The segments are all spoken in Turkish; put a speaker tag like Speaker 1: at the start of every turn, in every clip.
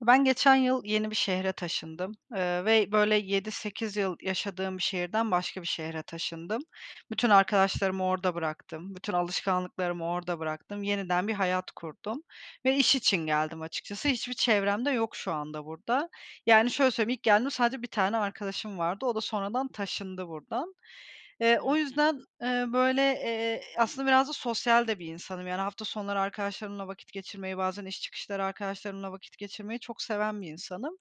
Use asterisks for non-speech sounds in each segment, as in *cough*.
Speaker 1: Ben geçen yıl yeni bir şehre taşındım. Iıı, ve, böyle, 7-8 yıl yaşadığım bir şehirden başka bir şehre taşındım. Bütün arkadaşlarımı orada bıraktım. Bütün alışkanlıklarımı orada bıraktım. Yeniden bir hayat kurdum ve iş için geldim açıkçası. Hiçbir çevrem de yok şu anda burada. Yani, şöyle söyleyeyim, ilk geldiğimde sadece 1 tane arkadaşım vardı. O da sonradan taşındı buradan. Eee,
Speaker 2: Hıı.
Speaker 1: o yüzden, eee, böyle, eee, aslında biraz da sosyal de bir insanım. Yani, hafta sonları arkadaşlarımla vakit geçirmeyi, bazen iş çıkışları arkadaşlarımla vakit geçirmeyi çok seven bir insanım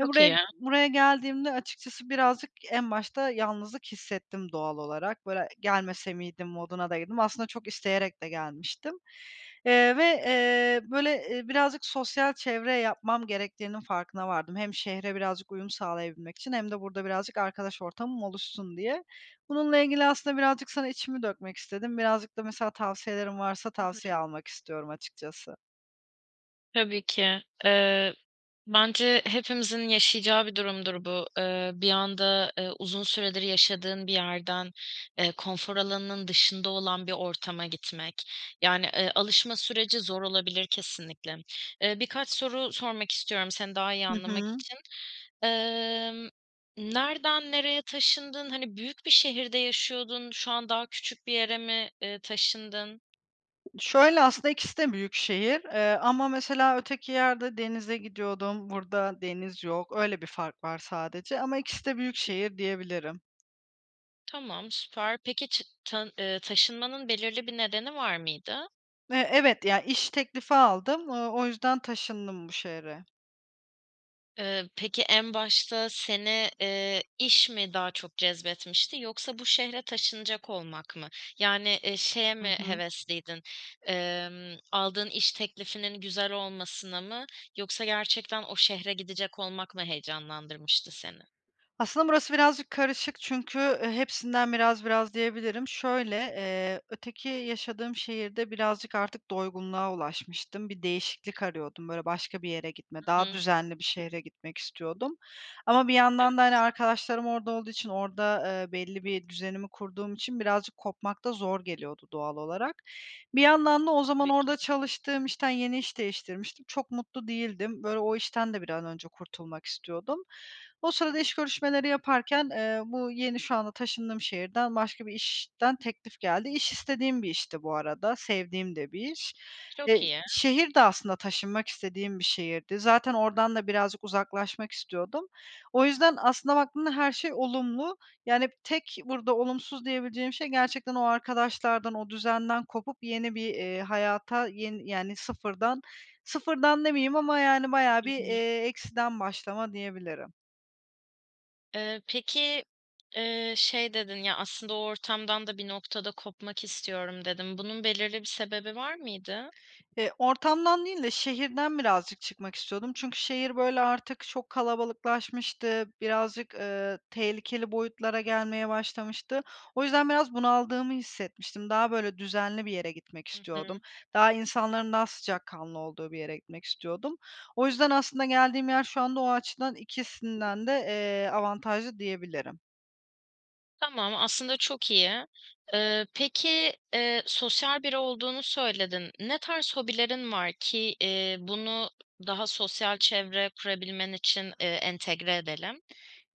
Speaker 1: ve buraya
Speaker 2: iyi.
Speaker 1: buraya geldiğimde, açıkçası, birazcık en başta yalnızlık hissettim, doğal olarak. Böyle, e "Gelmese miydim?" moduna da girdim. Aslında çok isteyerek de gelmiştim. Eee, ve, eee, böyle, eee, birazcık sosyal çevre yapmam gerektiğinin farkına vardım; hem şehre birazcık uyum sağlayabilmek için hem de burada birazcık arkadaş ortamım oluşsun diye. Bununla ilgili aslında birazcık sana içimi dökmek istedim. Birazcık da mesela tavsiyelerin varsa
Speaker 2: Hı hı.
Speaker 1: tavsiye almak istiyorum açıkçası.
Speaker 2: Tabii ki. Eee, bence hepimizin yaşayacağı bir durumdur bu: ııı, bir anda, ııı, uzun süredir yaşadığın bir yerden, eee, konfor alanının dışında olan bir ortama gitmek. Yani, ııı, alışma süreci zor olabilir kesinlikle. Iıı, birkaç soru sormak istiyorum seni daha iyi
Speaker 1: Hı
Speaker 2: anlamak
Speaker 1: hı.
Speaker 2: için. Imm, nereden nereye taşındın? Hani büyük bir şehirde yaşıyordun, şu an daha küçük bir yere mi, eee, taşındın?
Speaker 1: Şöyle, aslında ikisi de büyük şehir. Eee, ama mesela öteki yerde denize gidiyordum, burada deniz yok. Öyle bir fark var sadece. Ama ikisi de büyük şehir diyebilirim.
Speaker 2: Tamam, süper. Peki, çı tın ııı, taşınmanın belirli bir nedeni var mıydı?
Speaker 1: Eee, evet. Ya, iş teklifi aldım, ııı, o yüzden taşındım bu şehre.
Speaker 2: Iıı, peki, en başta seni, eee, iş mi daha çok cezbetmişti, yoksa bu şehre taşınacak olmak mı? Yani, eee, şeye
Speaker 1: Hı
Speaker 2: mi
Speaker 1: hı.
Speaker 2: hevesliydin, ımm, aldığın iş teklifinin güzel olmasına mı, yoksa gerçekten o şehre gidecek olmak mı heyecanlandırmıştı seni?
Speaker 1: Aslında burası birazcık karışık, çünkü, eee, hepsinden biraz biraz diyebilirim. Şöyle, eee, öteki yaşadığım şehirde birazcık artık doygunluğa ulaşmıştım. Bir değişiklik arıyordum. Böyle, başka bir yere gitme,
Speaker 2: Hı
Speaker 1: daha
Speaker 2: hı.
Speaker 1: düzenli bir şehre gitmek istiyordum. Ama bir yandan da, hani,
Speaker 2: Evet.
Speaker 1: arkadaşlarım orada olduğu için, orada, ııı, belli bir düzenimi kurduğum için, birazcık kopmak da zor geliyordu doğal olarak. Bir yandan da o zaman
Speaker 2: Tabii ki.
Speaker 1: orada çalıştığım işten, yeni iş değiştirmiştim, çok mutlu değildim. Böyle, o işten de bir an önce kurtulmak istiyordum. O sırada iş görüşmeleri yaparken, eee, bu yeni, şu anda taşındığım şehirden başka bir işten teklif geldi. İş istediğim bir işti bu arada, sevdiğim de bir iş. E,
Speaker 2: Çok iyi.
Speaker 1: şehir de aslında taşınmak istediğim bir şehirdi. Zaten oradan da birazcık uzaklaşmak istiyordum. O yüzden aslında baktığımda her şey olumlu. Yani tek burada olumsuz diyebileceğim şey, gerçekten o arkadaşlardan, o düzenden kopup yeni bir, eee, hayata, yeni yani sıfırdan, sıfırdan demeyeyim ama yani bayağı
Speaker 2: Hı
Speaker 1: bir,
Speaker 2: hı.
Speaker 1: eee, eksiden başlama diyebilirim.
Speaker 2: Eee, peki, eee, şey dedin, "Ya, aslında o ortamdan da bir noktada kopmak istiyorum." dedin. Bunun belirli bir sebebi var mıydı?
Speaker 1: Eee, ortamdan değil de şehirden birazcık çıkmak istiyordum. Çünkü şehir, böyle, artık çok kalabalıklaşmıştı. Birazcık, ııı, tehlikeli boyutlara gelmeye başlamıştı. O yüzden biraz bunaldığımı hissetmiştim. Daha, böyle, düzenli bir yere gitmek
Speaker 2: Hı
Speaker 1: istiyordum.
Speaker 2: hı.
Speaker 1: Daha insanların daha sıcakkanlı olduğu bir yere gitmek istiyordum. O yüzden aslında geldiğim yer şu anda o açıdan ikisinden de, eee, avantajlı diyebilirim.
Speaker 2: Tamam, aslında çok iyi. Eee, peki, eee, sosyal biri olduğunu söyledin, ne tarz hobilerin var ki, eee, bunu daha sosyal çevre kurabilmen için, ııı, entegre edelim?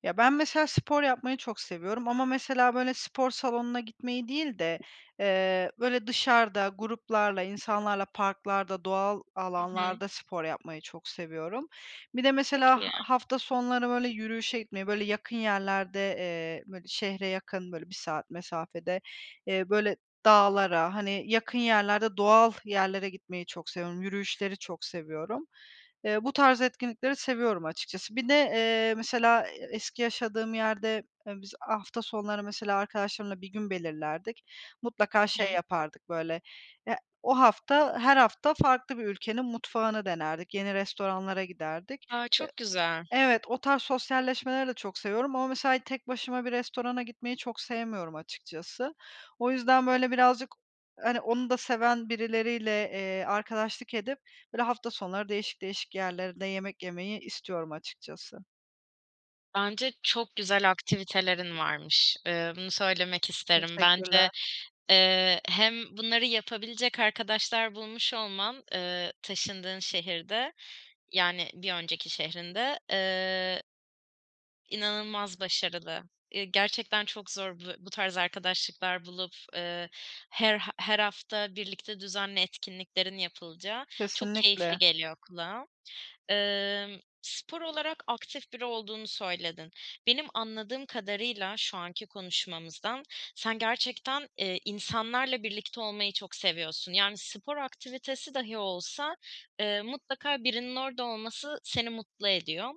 Speaker 1: Ya, ben mesela spor yapmayı çok seviyorum ama mesela, böyle, spor salonuna gitmeyi değil de eee, böyle, dışarıda gruplarla, insanlarla, parklarda, doğal
Speaker 2: Hı hı.
Speaker 1: alanlarda spor yapmayı çok seviyorum. Bir de
Speaker 2: Çok
Speaker 1: mesela ha
Speaker 2: iyi.
Speaker 1: hafta sonları öyle yürüyüşe gitmeyi, böyle, yakın yerlerde, eee, bö şehre yakın böyle 1 saat mesafede, eee, böyle, dağlara, hani, yakın yerlerde doğal yerlere gitmeyi çok seviyorum. Yürüyüşleri çok seviyorum. Eee, bu tarz etkinlikleri seviyorum açıkçası. Bir de, eee, mesela e eski yaşadığım yerde, ııı, biz hafta sonları mesela arkadaşlarımla bir gün belirlerdik. Mutlaka
Speaker 2: Hı hı.
Speaker 1: şey yapardık böyle, eee, o hafta, her hafta farklı bir ülkenin mutfağını denerdik, yeni restoranlara giderdik.
Speaker 2: A,
Speaker 1: Eee,
Speaker 2: çok güzel.
Speaker 1: evet, o tarz sosyalleşmeleri de çok seviyorum ama mesela tek başıma bir restorana gitmeyi çok sevmiyorum açıkçası. O yüzden böyle birazcık hani, onu da seven birileriyle, eee, arkadaşlık edip böyle hafta sonları değişik değişik yerlerde yemek yemeyi istiyorum açıkçası.
Speaker 2: Bence çok güzel aktivitelerin varmış, eee, bunu söylemek isterim. Bence,
Speaker 1: Teşekkürler.
Speaker 2: eee, hem bunları yapabilecek arkadaşlar bulmuş olman, eee, taşındığın şehirde, yani bir önceki şehrinde, eee, inanılmaz başarılı. Eee, gerçekten çok zor bu bu tarz arkadaşlıklar bulup, eee, her eee, her hafta birlikte düzenli etkinliklerin yapılacağı, çok keyifli
Speaker 1: Kesinlikle.
Speaker 2: geliyor kulağa. Emm, spor olarak aktif biri olduğunu söyledin. Benim anladığım kadarıyla şu anki konuşmamızdan, sen gerçekten, eee, insanlarla birlikte olmayı çok seviyorsun, yani spor aktivitesi dahi olsa, eee, mutlaka birinin orada olması seni mutlu ediyor.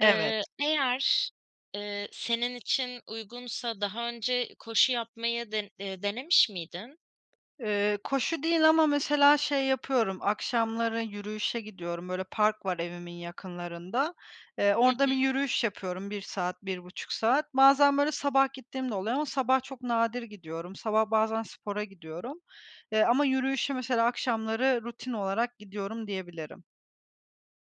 Speaker 1: Evet.
Speaker 2: Eee, eğer, eee, senin için uygunsa daha önce koşu yapmayı den eee, denemiş miydin?
Speaker 1: Eee, koşu değil ama mesela şey yapıyorum, akşamları yürüyüşe gidiyorum, böyle park var evimin yakınlarında. Eee,
Speaker 2: Hı hı.
Speaker 1: orada bir yürüyüş yapıyorum 1 saat, 1,5 saat. Bazen böyle sabah gittiğim de oluyor ama sabah çok nadir gidiyorum, sabah bazen spora gidiyorum, eee, ama yürüyüşe mesela akşamları rutin olarak gidiyorum diyebilirim.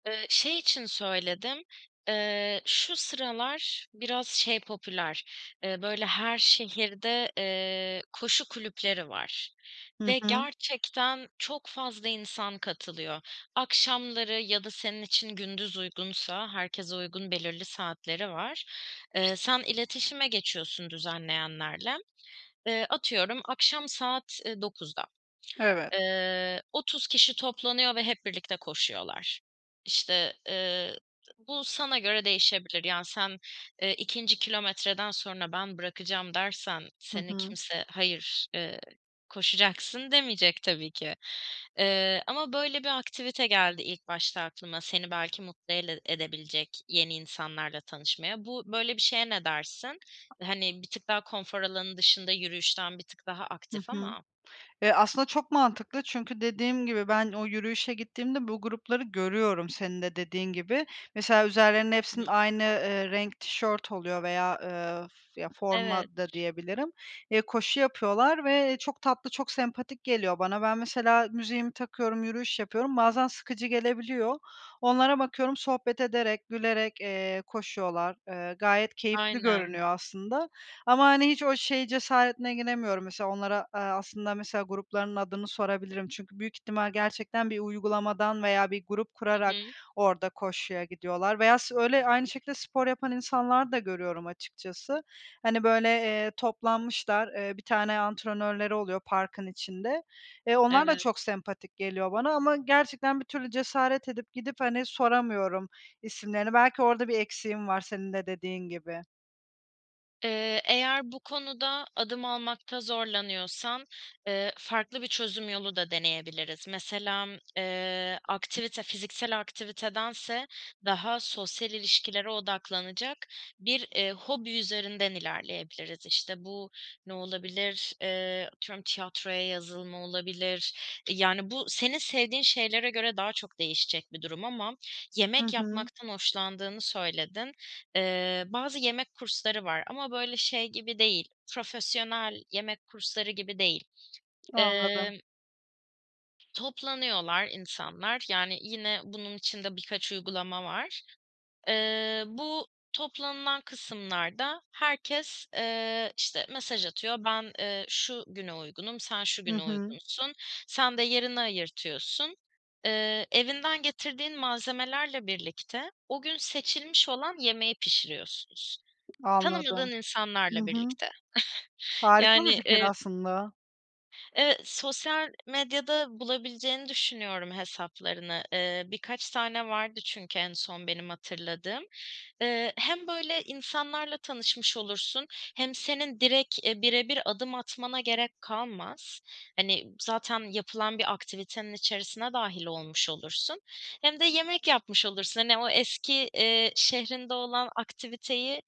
Speaker 2: Eee, şey için söyledim, eee, şu sıralar biraz şey popüler, eee, böyle, her şehirde, eee, koşu kulüpleri var
Speaker 1: Hı
Speaker 2: ve
Speaker 1: hı.
Speaker 2: gerçekten çok fazla insan katılıyor. Akşamları ya da senin için gündüz uygunsa -herkese uygun belirli saatleri var eee, sen iletişime geçiyorsun düzenleyenlerle. Eee, atıyorum akşam saat, eee, 9'da,
Speaker 1: Evet.
Speaker 2: eee, 30 kişi toplanıyor ve hep birlikte koşuyorlar. İşte, eee, bu sana göre değişebilir. Yani sen, eee, 2'nci kilometreden sonra, "Ben bırakacağım." dersen
Speaker 1: Hı
Speaker 2: seni
Speaker 1: hı.
Speaker 2: kimse, "Hayır, eee, koşacaksın." demeyecek tabii ki. Eee, ama böyle bir aktivite geldi ilk başta aklıma seni belki mutlu ele edebilecek yeni insanlarla tanışmaya. Bu böyle bir şeye ne dersin? Hani, bir tık daha konfor alanının dışında, yürüyüşten bir tık daha
Speaker 1: Hı
Speaker 2: aktif
Speaker 1: hı.
Speaker 2: ama
Speaker 1: Eee, aslında çok mantıklı çünkü dediğim gibi, ben o yürüyüşe gittiğimde bu grupları görüyorum senin de dediğin gibi. Mesela üzerlerinde hepsinin
Speaker 2: *unintelligible*
Speaker 1: aynı, eee, renk tişört oluyor veya, eee, ya, forma
Speaker 2: Evet.
Speaker 1: da diyebilirim, eee, koşu yapıyorlar ve çok tatlı, çok sempatik geliyor bana. Ben mesela müziğimi takıyorum, yürüyüş yapıyorum, bazen sıkıcı gelebiliyor. Onlara bakıyorum sohbet ederek, gülerek, eee, koşuyorlar. Eee, gayet keyifli
Speaker 2: Aynen.
Speaker 1: görünüyor aslında ama, hani, hiç o şey cesaretine giremiyorum mesela onlara, eee, aslında mesela gruplarının adını sorabilirim. Çünkü büyük ihtimal gerçekten bir uygulamadan veya bir grup
Speaker 2: Hı
Speaker 1: kurarak
Speaker 2: hı.
Speaker 1: orada koşuya gidiyorlar veya s öyle aynı şekilde spor yapan insanlar da görüyorum açıkçası. Hani, böyle, eee, toplanmışlar, eee, bir tane antrenörleri oluyor parkın içinde. Eee, onlar da
Speaker 2: Evet.
Speaker 1: çok sempatik geliyor bana ama gerçekten bir türlü cesaret edip gidip, hani, soramıyorum isimlerini. Belki orada bir eksiğim var senin de dediğin gibi.
Speaker 2: Eee, eğer bu konuda adım almakta zorlanıyorsan, ııı, farklı bir çözüm yolu da deneyebiliriz. Mesela m ııı, aktivite, fiziksel aktivitedense daha sosyal ilişkilere odaklanacak bir, eee, hobi üzerinden ilerleyebiliriz. İşte, bu ne olabilir? Eee, atıyorum tiyatroya yazılma olabilir, yani, bu senin sevdiğin şeylere göre daha çok değişecek bir durum ama
Speaker 1: Hı
Speaker 2: yemek
Speaker 1: hı.
Speaker 2: yapmaktan hoşlandığını söyledin. Eee, bazı yemek kursları var ama böyle şey gibi değil, profesyonel yemek kursları gibi değil.
Speaker 1: Anladım.
Speaker 2: Eee Toplanıyorlar insanlar, yani yine bunun için de birkaç uygulama var. Iıı, bu toplanılan kısımlarda herkes, ııı, işte, mesaj atıyor, ben, ııı, şu güne uygunum, sen şu
Speaker 1: Hı
Speaker 2: güne
Speaker 1: hı.
Speaker 2: uygunsun, sen de yerini ayırtıyorsun. Iıı, evinden getirdiğin malzemelerle birlikte o gün seçilmiş olan yemeği pişiriyorsunuz, tanımadığın
Speaker 1: Anladım. Hı
Speaker 2: insanlarla
Speaker 1: hı.
Speaker 2: birlikte. *chuckles*
Speaker 1: Harika bir
Speaker 2: Yani,
Speaker 1: fikir
Speaker 2: iii
Speaker 1: aslında.
Speaker 2: Eee, sosyal medyada bulabileceğini düşünüyorum hesaplarını. Eee, birkaç tane vardı çünkü en son benim hatırladığım. Eee, hem böyle insanlarla tanışmış olursun, hem senin direkt, eee, birebir adım atmana gerek kalmaz. Hani, m zaten yapılan bir aktivitenin içerisine dâhil olmuş olursun, hem de yemek yapmış olursun. Hani o eski, eee, şehrinde olan aktiviteyi,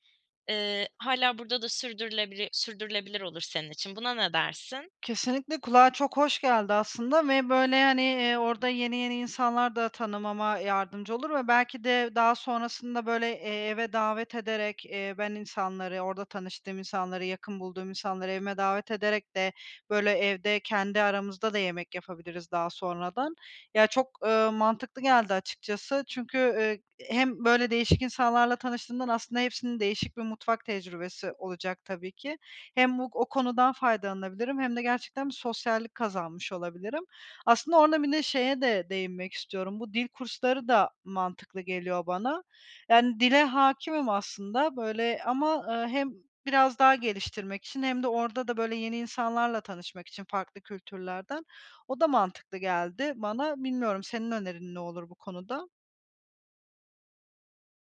Speaker 2: eee, hâlâ burada da sürdürülebilir sürdürülebilir olur senin için. Buna ne dersin?
Speaker 1: Kesinlikle kulağa çok hoş geldi aslında ve böyle, hani, eee, orada yeni, yeni insanlar da tanımama yardımcı olur ve belki de daha sonrasında böyle, eee, eve davet ederek, eee, ben insanları, orada tanıştığım insanları, yakın bulduğum insanları evime davet ederek de böyle evde, kendi aramızda da yemek yapabiliriz daha sonradan. Ya çok, ııı, mantıklı geldi açıkçası. Çünkü, ııı, hem böyle değişik insanlarla tanıştığından aslında hepsinin değişik bir mutfak tecrübesi olacak tabii ki. Hem bu, o konudan faydalanabilirim hem de gerçekten bir sosyallik kazanmış olabilirim. Aslında orada bir de şeye de değinmek istiyorum, bu dil kursları da mantıklı geliyor bana. Yani, dile hâkimim aslında böyle ama, eee, hem biraz daha geliştirmek için hem de orada da, böyle, yeni insanlarla tanışmak için farklı kültürlerden. O da mantıklı geldi bana. Bilmiyorum, senin önerin ne olur bu konuda?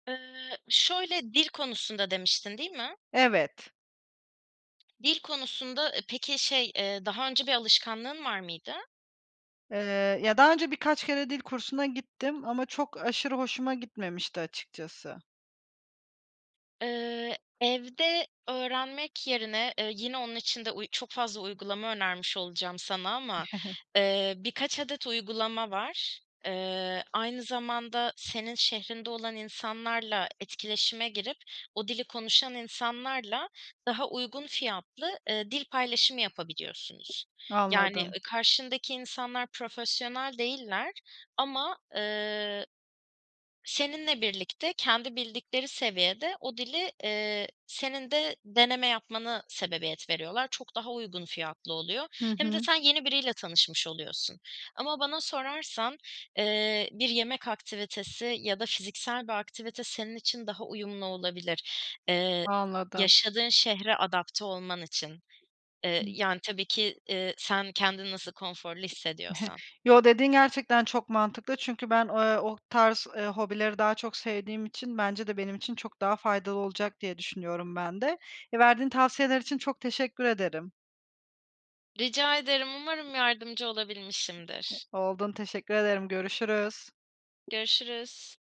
Speaker 2: Iıı, şöyle, dil konusunda demiştin, değil mi?
Speaker 1: Evet.
Speaker 2: Dil konusunda, ııı, peki şey, eee, daha önce bir alışkanlığın var mıydı?
Speaker 1: Iıı, ya daha önce birkaç kere dil kursuna gittim ama çok, aşırı hoşuma gitmemişti açıkçası.
Speaker 2: Iıı, evde öğrenmek yerine, eee, yine onun için de uy çok fazla uygulama önermiş olacağım sana ama,
Speaker 1: *chuckles*
Speaker 2: eee, birkaç adet uygulama var. Iıı, aynı zamanda senin şehrinde olan insanlarla etkileşime girip o dili konuşan insanlarla, daha uygun fiyatlı, ııı, dil paylaşımı yapabiliyorsunuz. Yani,
Speaker 1: Anladım.
Speaker 2: ııı, karşındaki insanlar profesyonel değiller ama, ııı, seninle birlikte kendi bildikleri seviyede o dili, ııı, senin de deneme yapmana sebebiyet veriyorlar. Çok daha uygun fiyatlı oluyor.
Speaker 1: Hı
Speaker 2: Hem de
Speaker 1: hı.
Speaker 2: sen yeni biriyle tanışmış oluyorsun ama bana sorarsan, eee, bir yemek aktivitesi ya da fiziksel bir aktivite senin için daha uyumlu olabilir. Eee,
Speaker 1: Anladım.
Speaker 2: yaşadığın şehre adapte olman için, eee,
Speaker 1: Hı.
Speaker 2: yani, tabii ki, eee, sen kendini nasıl konforlu
Speaker 1: *chuckles*
Speaker 2: hissediyorsan.
Speaker 1: Yo, dediğin gerçekten çok mantıklı çünkü ben, eee, o tarz, eee, hobileri daha çok sevdiğim için bence de benim için çok daha faydalı olacak diye düşünüyorum ben de. Verdiğin tavsiyeler için çok teşekkür ederim.
Speaker 2: Rica ederim, umarım yardımcı olabilmişimdir.
Speaker 1: Oldun teşekkür ederim, görüşürüz.
Speaker 2: Görüşürüz.